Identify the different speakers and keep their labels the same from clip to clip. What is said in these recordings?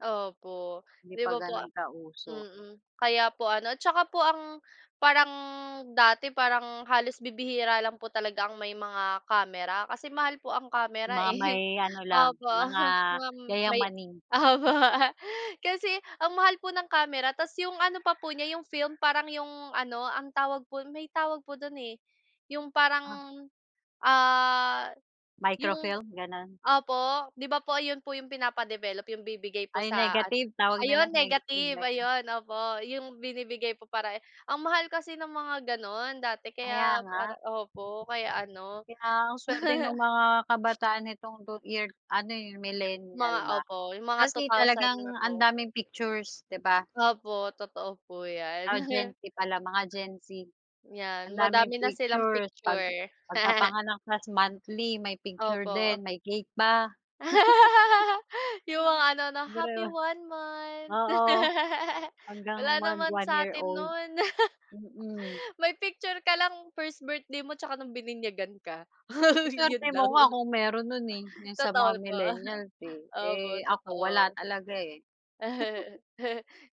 Speaker 1: Opo.
Speaker 2: Hindi
Speaker 1: 'Di
Speaker 2: pa
Speaker 1: ba po a
Speaker 2: gano'n ka-uso.
Speaker 1: mm, kaya po ano, 'tsaka po ang, parang dati, parang halos bibihira lang po talaga ang may mga kamera kasi mahal po ang kamera,
Speaker 2: Mga may
Speaker 1: eh.
Speaker 2: ano lang,
Speaker 1: Opo,
Speaker 2: mga
Speaker 1: um, wam may
Speaker 2: yayamin.
Speaker 1: opo, kasi ang mahal po ng kamera tapos 'yong ano pa po niya 'yong film parang 'yong ano, ang tawag po no'n, may tawag po do'n, eh, 'yong parang,
Speaker 2: Ah
Speaker 1: ah, 'yong,
Speaker 2: Microfilm, gano'n?
Speaker 1: opo, 'di ba, po 'yon po 'yong pinapa-develop. 'Yong bibigay po
Speaker 2: Ah, 'yong
Speaker 1: sa ano,
Speaker 2: negative, tawag nila.
Speaker 1: ayun
Speaker 2: Negative
Speaker 1: negative,
Speaker 2: ba 'yon?
Speaker 1: ayun opo, 'yong binibigay po para ang mahal kasi ng mga gano'n dati
Speaker 2: Kaya
Speaker 1: kaya para
Speaker 2: nga.
Speaker 1: opo, kaya ano
Speaker 2: Kaya, ang suwerte no'ng mga kabataan nitong two-year ano, eh,
Speaker 1: Mga
Speaker 2: millenial ba.
Speaker 1: opo, 'yong mga two
Speaker 2: Kasi,
Speaker 1: thousand
Speaker 2: talagang
Speaker 1: na
Speaker 2: ang
Speaker 1: po.
Speaker 2: daming pictures, 'di ba?
Speaker 1: Opo, totoo po 'yan.
Speaker 2: Ah, Gen Z pala, mga Gen Z.
Speaker 1: 'Yan,
Speaker 2: Ang daming
Speaker 1: madami na silang
Speaker 2: pictures pag
Speaker 1: picture.
Speaker 2: pagkapanganak, tas monthly may picture
Speaker 1: Opo.
Speaker 2: din, may cake pa.
Speaker 1: 'Yong mga ano, 'no,
Speaker 2: [unintelligible]
Speaker 1: happy
Speaker 2: Biruin
Speaker 1: one
Speaker 2: mo
Speaker 1: month.
Speaker 2: oo, hanggang
Speaker 1: Wala naman sa atin
Speaker 2: mag-one-year-old,
Speaker 1: no'n.
Speaker 2: mm.
Speaker 1: May picture ka lang, first birthday mo 'tsaka no'ng bininyagan ka,
Speaker 2: Ang
Speaker 1: 'yon
Speaker 2: suwerte mo
Speaker 1: lang.
Speaker 2: nga kung meron no'n, eh. 'Yong sa
Speaker 1: Totoo
Speaker 2: mga
Speaker 1: l po.
Speaker 2: millennials, eh,
Speaker 1: Opo,
Speaker 2: eh, ako wala
Speaker 1: totoo.
Speaker 2: talaga, eh.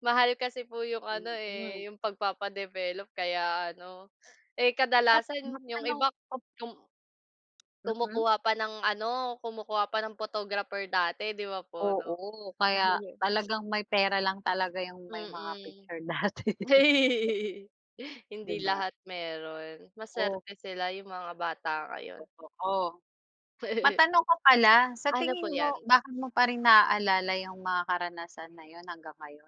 Speaker 1: Mahal kasi po 'yong ano,
Speaker 2: Mm.
Speaker 1: eh, 'yong pagpapa-develop, kaya ano Eh,
Speaker 2: At
Speaker 1: kadalasan, 'yong
Speaker 2: magkano
Speaker 1: iba
Speaker 2: pag
Speaker 1: yong
Speaker 2: Mm.
Speaker 1: kumukuha pa ng ano, kumukuha pa ng photographer dati, 'di ba, po, 'no.
Speaker 2: Oo. Kaya, talagang may pera lang talaga 'yong may mga
Speaker 1: Mm.
Speaker 2: picture dati. E
Speaker 1: Hindi
Speaker 2: 'Di ba?
Speaker 1: lahat meron.
Speaker 2: O?
Speaker 1: Masuwerte sila, 'yong mga bata ngayon.
Speaker 2: Totoo. Matanong ko pala, sa
Speaker 1: Ano po
Speaker 2: tingin mo,
Speaker 1: 'yan?
Speaker 2: bakit mo pa rin naalala 'yong mga karanasan na 'yon, hanggang ngayon?